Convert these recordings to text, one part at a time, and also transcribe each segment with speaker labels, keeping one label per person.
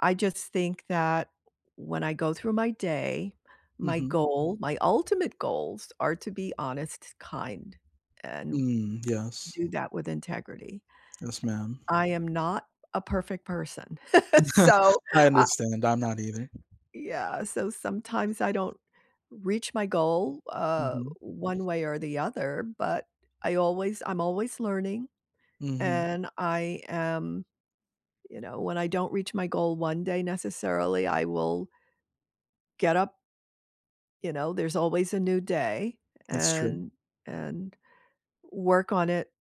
Speaker 1: I just think that, when I go through my day, my
Speaker 2: Mhm.
Speaker 1: goal my ultimate goals are to be honest, kind, and
Speaker 2: Mm, yes.
Speaker 1: do that with integrity.
Speaker 2: Yes, ma'am.
Speaker 1: I am not a perfect person, so,
Speaker 2: I
Speaker 1: uh
Speaker 2: understand, I'm not either.
Speaker 1: Yeah, so sometimes I don't reach my goal, uh,
Speaker 2: Mhm.
Speaker 1: one way or the other, but I always I'm always learning,
Speaker 2: Mhm.
Speaker 1: and I am you know, when I don't reach my goal one day necessarily, I will get up you know, there's always a new day,
Speaker 2: That's true.
Speaker 1: and and work on it,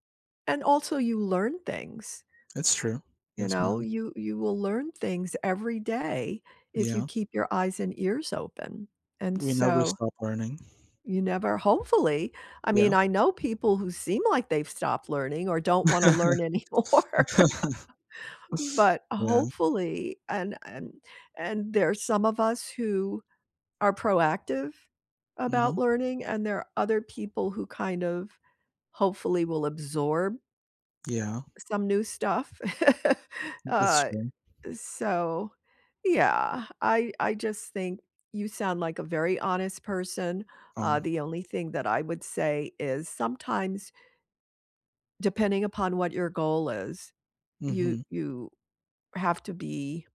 Speaker 1: and also you learn things.
Speaker 2: It's true.
Speaker 1: You
Speaker 2: Yes,
Speaker 1: know,
Speaker 2: ma'am.
Speaker 1: you you will learn things every day if you
Speaker 2: Yeah.
Speaker 1: keep your eyes and ears open, and
Speaker 2: We never
Speaker 1: so
Speaker 2: stop learning.
Speaker 1: you never hopefully I mean,
Speaker 2: Yeah.
Speaker 1: I know people who seem like they've stopped learning or don't wanna learn anymore. But
Speaker 2: Yeah.
Speaker 1: hopefully, and and and there are some of us who are proactive about
Speaker 2: Mhm.
Speaker 1: learning, and there are other people who kind of hopefully will absorb
Speaker 2: Yeah.
Speaker 1: some new stuff.
Speaker 2: M it's
Speaker 1: Uh,
Speaker 2: true.
Speaker 1: so yeah, I I just think you sound like a very honest person, uh,
Speaker 2: Aw.
Speaker 1: the only thing that I would say is sometimes depending upon what your goal is, you
Speaker 2: Mhm.
Speaker 1: you have to be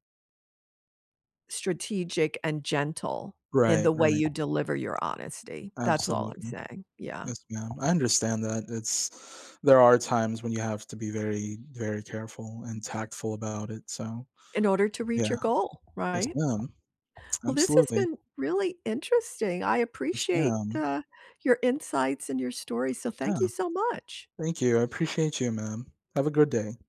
Speaker 1: strategic and gentle in
Speaker 2: Right,
Speaker 1: the way
Speaker 2: right.
Speaker 1: you deliver your honesty, that's all I'm
Speaker 2: Absolutely.
Speaker 1: saying, yeah.
Speaker 2: Yes, ma'am, I understand that, it's there are times when you have to be very very careful and tactful about it, so
Speaker 1: In order to reach
Speaker 2: Yeah.
Speaker 1: your goal,
Speaker 2: Yes,
Speaker 1: right?
Speaker 2: ma'am.
Speaker 1: Well, this's
Speaker 2: Absolutely.
Speaker 1: been really interesting, I
Speaker 2: Yes,
Speaker 1: appreciate,
Speaker 2: ma'am.
Speaker 1: uh, your insights and your story, so
Speaker 2: Yeah.
Speaker 1: thank you so much.
Speaker 2: Thank you, I appreciate you, ma'am. Have a good day.